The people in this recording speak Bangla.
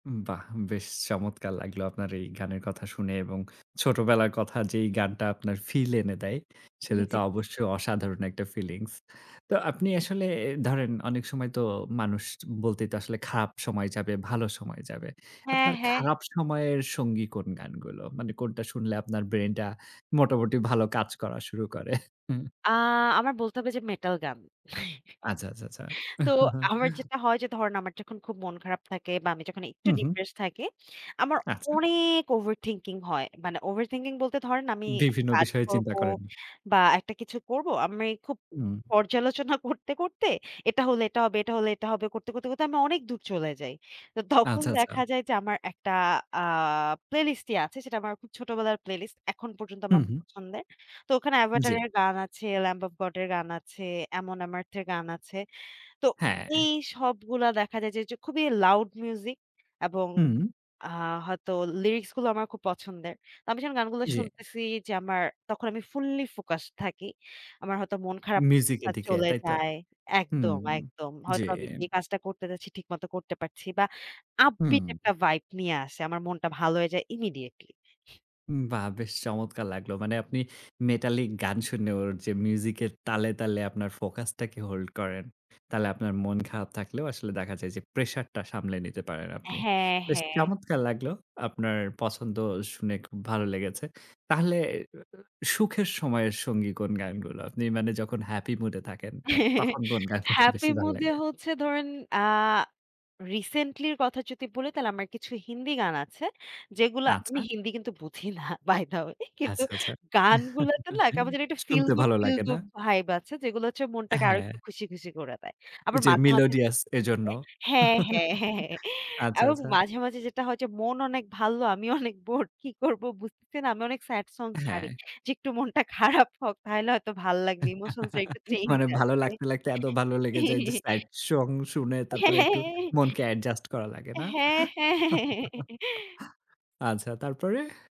বাহ! বেশ চমৎকার লাগলো আপনার এই গানের কথা শুনে এবং ছোটবেলার কথা যেই গানটা আপনার ফিল এনে দেয়, জি, সেটা তো জি, জি। অবশ্যই অসাধারণ একটা ফিলিংস। তো আপনি আসলে এ ধরেন অনেক সময় তো মানুষ বলতেই তো আসলে খারাপ সময় যাবে ভালো সময় যাবে। হ্যাঁ, আপনার হ্যাঁ। খারাপ সময়ের সঙ্গী কোন গানগুলো? মানে কোনটা শুনলে আপনার ব্রেইনটা মোটামুটি ভালো কাজ করা শুরু করে। আ আমার বলতে হবে যে মেটাল গান। আচ্ছা, আচ্ছা, আচ্ছা। তো আমার যেটা হয় যে ধরেন আমার যখন খুব মন খারাপ থাকে বা আমি যখন একটু হু, হু। ডিপ্রেসড থাকি, আমার আচ্ছা। অনেক ওভার থিংকিং হয়। মানে ওভার থিংকিং বলতে ধরেন আমি বিভিন্ন কাজ বিষয়ে চিন্তা করবো করেন। বা একটা কিছু করবো। আমি খুব উম। পর্যালোচনা করতে, করতে এটা হলে এটা হবে এটা হলে এটা হবে, করতে, করতে, করতে আমি অনেক দূর চলে যাই। তো তখন আচ্ছা, দেখা আচ্ছা। যায় যে আমার একটা আ প্লেলিস্ট ই আছে। সেটা আমার খুব ছোটবেলার প্লেলিস্ট। এখন পর্যন্ত আমার হুম, হু। পছন্দের। তো ওখানে জি। Avatar এর গান আছে, Lamb Of God এর গান আছে, Amon Amarth এর গান আছে। তো হ্যাঁ। এই সবগুলা দেখা যায় যে খুবই লাউড মিউজিক এবং হুম। আ হয়তো লিরিক্সগুলো আমার খুব পছন্দের। তো আমি যখন গানগুলো জি। শুনতেছি যে আমার তখন আমি ফুল্লি ফোকাসড থাকি। আমার হয়তো মন খারাপটা মিউজিকের দিকে, চলে তাই তো? যায়। হুম। একদম, একদম। জি। হয়তো আমি যে কাজটা করতে যাচ্ছি ঠিকমতো করতে পারছি বা আপবিট হুম। একটা ভাইব নিয়ে আসে। আমার মনটা ভালো হয়ে যায় immediately. বাহ! বেশ চমৎকার লাগলো। মানে আপনি মেটালিক গান শুনে ওর যে মিউজিকের তালে, তালে আপনার ফোকাসটাকে hold করেন, তাহলে আপনার মন খারাপ থাকলেও আসলে দেখা যায় যে প্রেশারটা সামলে নিতে পারেন আপনি। হ্যাঁ, বেশ হ্যাঁ। চমৎকার লাগলো আপনার পছন্দ শুনে খুব ভালো লেগেছে। তাহলে উ উ সুখের সময়ের সঙ্গী কোন গানগুলো? আপনি মানে যখন হ্যাপি মুডে থাকেন তখন কোন গানগুলো হ্যাপি বেশি ভালো মুডে লাগে? হচ্ছে ধরেন আ রিসেন্টলির কথা যদি বলি তাহলে আমার কিছু হিন্দি গান আছে। যেগুলো আমি আচ্ছা। হিন্দি কিন্তু বুঝি না বাই দা ওয়ে কিন্তু আচ্ছা, আচ্ছা। গানগুলোতে না কেমন জানি একটা ফিল শুনতে গুড ভালো ফিল লাগে, না? গুড ভাইব আছে। যেগুলো হচ্ছে মনটাকে আরো হ্যাঁ। একটু খুশি, খুশি করে দেয়। আবার যে মাঝে, মাঝে melodious এজন্য। হ্যাঁ, হ্যাঁ, হ্যাঁ, হ্যাঁ। আচ্ছা, এবং আচ্ছা। মাঝে, মাঝে যেটা হয় যে মন অনেক ভাল। আমি অনেক বোর কী করবো বুঝতেছে না। আমি অনেক স্যাড সং ছাড়ি। হ্যাঁ। যে একটু মনটা খারাপ হোক তাহলে হয়তো ভাল লাগবে। ইমোশনসটা একটু চেঞ্জ মানে ভালো আসবে। লাগতে, লাগতে এত ভালো লেগে যায় যে সাইড সং শুনে হ্যাঁ, তারপরে হ্যাঁ, একটু হ্যাঁ। মনকে অ্যাডজাস্ট করা লাগে না? হ্যাঁ, হ্যাঁ, হ্যাঁ। আচ্ছা, তারপরে?